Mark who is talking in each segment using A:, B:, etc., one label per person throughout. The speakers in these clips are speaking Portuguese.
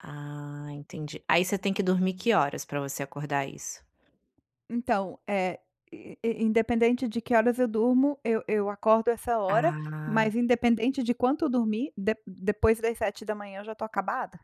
A: Ah, entendi. Aí, você tem que dormir que horas pra você acordar isso?
B: Então, eh, in independente de que horas eu durmo eu eu acordo essa hora,
A: Ah.
B: mas independente de quanto eu dormir, de depois das 7h eu já tô acabada,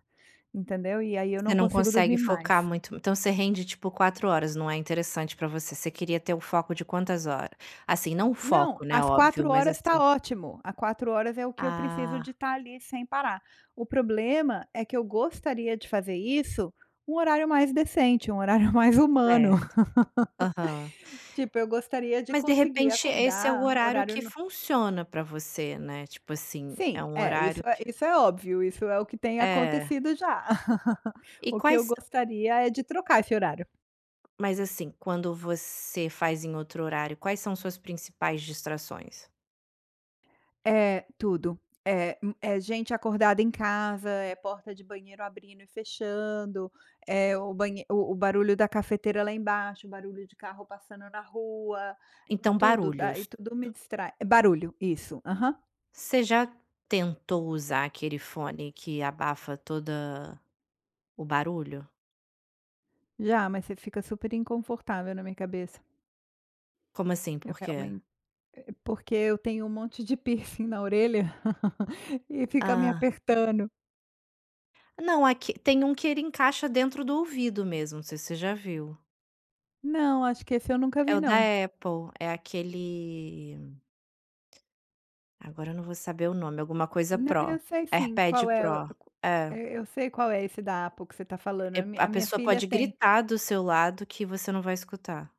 B: entendeu. E aí, eu não
A: Você não
B: consigo
A: consegue
B: dormir
A: focar
B: mais.
A: muito, então, você rende tipo 4 horas, não é interessante pra você. Você queria ter o foco de quantas hora? Assim, não o
B: Não,
A: foco, né,
B: as
A: óbvio,
B: 4
A: mas
B: horas tá
A: assim
B: ótimo, a 4 horas é o que eu preciso
A: Ah.
B: de tá ali, sem parar. O problema é que eu gostaria de fazer isso um horário mais decente, um horário mais humano.
A: Certo. Aham.
B: Tipo eu gostaria de
A: Mas de
B: conseguir
A: repente esse é o
B: acordar
A: horário
B: horário
A: que
B: no
A: funciona pra você, né, tipo assim, é
B: Sim,
A: um
B: é, isso
A: horário
B: é
A: que
B: isso é óbvio, isso é o que tem
A: É.
B: acontecido já.
A: E
B: O que eu
A: quais
B: gostaria é de trocar esse horário.
A: Mas assim, quando você faz em outro horário, quais são suas principais distrações?
B: É tudo, é, hum, é gente acordada em casa, é porta de banheiro abrindo e fechando, é o banhe o o barulho da cafeteira lá embaixo, o barulho de carro passando na rua.
A: Então,
B: Tudo,
A: barulhos.
B: daí tudo me distrai. É barulho, isso. Aham.
A: Você já tentou usar aquele fone que abafa toda o barulho?
B: Já, mas você fica super inconfortável na minha cabeça.
A: Como assim?
B: Eu
A: Por quê?
B: realmente porque eu tenho um monte de piercing na orelha, e fica me
A: Ah.
B: apertando.
A: Não, aqui tem um que ele encaixa dentro do ouvido mesmo, não sei se você já viu.
B: Não, acho que esse eu nunca
A: É
B: vi
A: o da
B: não.
A: Apple, é aquele agora eu não vou saber o nome, alguma coisa
B: Não,
A: Pro,
B: eu sei sim,
A: AirPad
B: qual é o
A: Pro. É.
B: eh, eu sei qual é esse da Apple que você tá falando,
A: É
B: a mi a
A: a
B: minha
A: pessoa
B: filha
A: pode
B: tem.
A: gritar do seu lado que você não vai escutar.